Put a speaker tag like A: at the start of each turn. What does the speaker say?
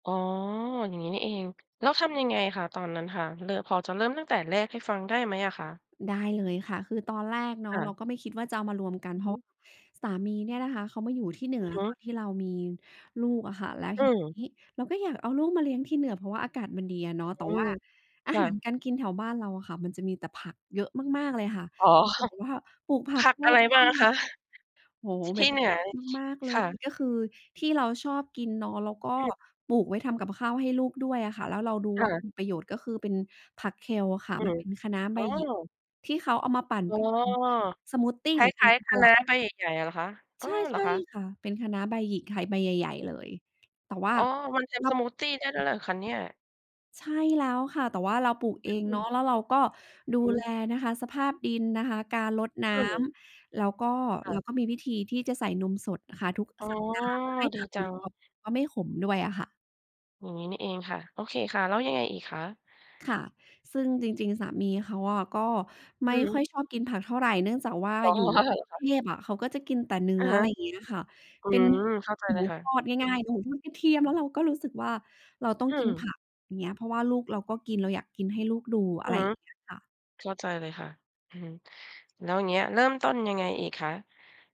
A: อ๋อ อย่างงี้นี่เอง แล้วทำยังไงคะตอนนั้นค่ะ เริ่ม พอจะเริ่มตั้งแต่แรกให้ฟังได้ไหมอะคะ?
B: ได้เลยค่ะ คือตอนแรกเนา
A: ค
B: ะ
A: ่
B: เรา
A: ะ
B: ก็ไม่คิดว่าจะเอามารวมกัน
A: อื
B: เ
A: อ
B: พร
A: ฮ
B: าะว
A: ึ
B: ่าสามีเนี่ยนะคะ เขามาอยู่ที่เหนื
A: อื
B: อ
A: อฮึ
B: ตอนที่เรามีลูกอะค่ะ แล้ว
A: อ
B: ที
A: ืม
B: นี้เราก็อยากเอาลูกมาเลี้ยงที่เหนือ เพราะว่าอากาศมันดีอะเนาะ แ
A: อ
B: ต
A: ื
B: ่ว่า
A: ม
B: อา
A: ค่
B: หาร
A: ะ
B: การกินแถวบ้านเราอะค่ะ มันจะมีแต่ผักเยอะมาก ๆ เลยค่ะ
A: อ๋อ
B: เหมือนกับว่าปลูกผั
A: ผ
B: ก
A: ัก
B: รอ
A: อะไร
B: บบ
A: บ้
B: ้
A: า
B: า
A: ง
B: น
A: อะคะ?
B: โอ้โฮ
A: ท
B: แบ
A: ี่
B: บ
A: เหนือ
B: มาก ๆ เล
A: ค
B: ย
A: ่ะ
B: ก็คือที่เราชอบกินเนาะ แล้วก็
A: อืม
B: ปลูกไว้ทำกับข้าวให้ลูกด้วยอะค่ะ แล้วเราดู
A: ค
B: ว
A: ่
B: ่า
A: ะ
B: มีประโยชน์ ก็คือเป็นผักเคลอะค่ะ
A: อื
B: มัน
A: ม
B: เป็นคะน้าใ
A: อ
B: บ
A: ๋
B: หยิก
A: อ
B: ที่เขาเอามาปั่น
A: อ๋อ
B: เป็น สมูทที
A: คล้าย ๆ คะน้าใบใหญ่ ๆ อะ เหรอคะ อ
B: ใ
A: ้อ
B: ช่
A: เห
B: ใ
A: ร
B: ช
A: อ
B: ่
A: คะ?
B: ค่ะ เป็นคะน้าใบหยิกค่ะ ใบใหญ่ ๆ เลย แต่ว่า
A: อ๋อ มันท
B: ร
A: ำ
B: อ
A: ส
B: บ
A: มูททีได้ด้วยเหรอคะเนี่ย?
B: ใช่แล้วค่ะ แต่ว่าเราปลูก
A: อ
B: เองเน
A: ื
B: า
A: ม
B: ะ แล้วเราก็ดู
A: อื
B: แล
A: ม
B: นะคะ สภาพดินนะคะ การรดน้
A: อืม
B: ำ แล้วก็
A: ค่
B: แล้
A: ะ
B: วก็มีวิธีที่จะใส่นมสดอะค่ะทุก
A: อ๋อ
B: สัปดาห์ เพื่อให้
A: ด
B: ผ
A: ี
B: ัก
A: จ
B: ม
A: ั
B: ัน
A: ง
B: กรอบ แล้วก็ไม่ขมด้วยอะค่ะ
A: อย่างงี้นี่เองค่ะ โอเคค่ะ แล้วยังไงอีกคะ?
B: ค่ะ ซึ่งจริง ๆ สามีเขาอะก็ไม
A: อ
B: ่
A: ือฮ
B: ค่อ
A: ึ
B: ยชอบกินผักเท่าไร เนื่องจากว่า
A: อ๋อ
B: อยู่
A: อา เ
B: ท
A: หร
B: ี่ก
A: อ
B: รุ
A: ค
B: งเ
A: ะ?
B: ทพอะ เขาก็จะกินแต่เนื้
A: อะ
B: อ
A: ฮ
B: อะ
A: ะ
B: ไรอย่างเงี้ยค่ะ
A: อื
B: เป็น
A: ม เข้าใจ
B: ห
A: เ
B: ม
A: ล
B: ู
A: ยค่ะ
B: ทอด
A: อื
B: ง
A: อ
B: ่า
A: ฮ
B: ย ๆ
A: ึ
B: หมูทอดกระเทียม แล้วเราก็รู้สึกว่าเราต้อ
A: อ
B: ง
A: ื
B: กินผ
A: ม
B: ักอย่างเงี้ย เพราะว่าลูกเราก็กิน เราอยากกินให้ลูกดู
A: อ
B: อ
A: ื
B: ะ
A: อ
B: ไร
A: ฮึ
B: อย่างเงี้ยค่ะ
A: เข้าใจเลยค่ะ อือฮึ แล้วอย่างเงี้ยเริ่มต้นยังไงอีกคะ?